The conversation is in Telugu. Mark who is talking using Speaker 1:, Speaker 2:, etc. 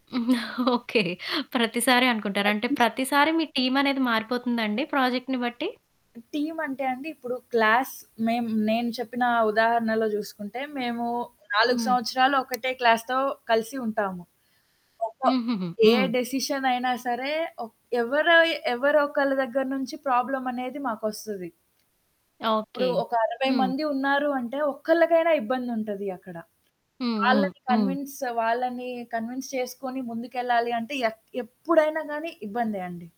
Speaker 1: ఓకే. ప్రతిసారి అనుకుంటారు. అంటే
Speaker 2: ప్రతి సారి.
Speaker 1: ప్రతిసారి మీ టీమనేది మారిపోతుందా అండి ప్రాజెక్ట్‌ని బట్టి?
Speaker 2: టీమ్ అంటే అండి ఇప్పుడు క్లాస్ మేమ్ నేను చెప్పిన ఉదాహరణలో జూసుకుంటే మేము 4
Speaker 1: హ్మ్.
Speaker 2: సంవత్సరాలు ఒకటే క్లాస్‌తో కలిసి ఉంటాము. ఒక
Speaker 1: హుహుహు.
Speaker 2: ఏ
Speaker 1: హ్మ్.
Speaker 2: డెసిషన్ అయినా సరే ఒ ఎవరో ఎవరొకళ్ళ దెగ్గర నుంచి ప్రాబ్లమ్ అనేది మాకొస్తది. ఇప్పుడు
Speaker 1: ఓకే.
Speaker 2: ఒక 60
Speaker 1: హ్మ్.
Speaker 2: మంది ఉన్నారు అంటే ఒక్కళ్ళకైనా ఇబ్బందుంటది అక్కడ.
Speaker 1: హ్మ్. హ్మ్.
Speaker 2: వాళ్ళని
Speaker 1: హ్మ్.
Speaker 2: కన్విన్స్ వాళ్ళని కన్విన్స్ చేసుకొని ముందుకెళ్ళాలి అంటే ఎక్ ఎప్పుడైనా గానీ ఇబ్బందే అండి.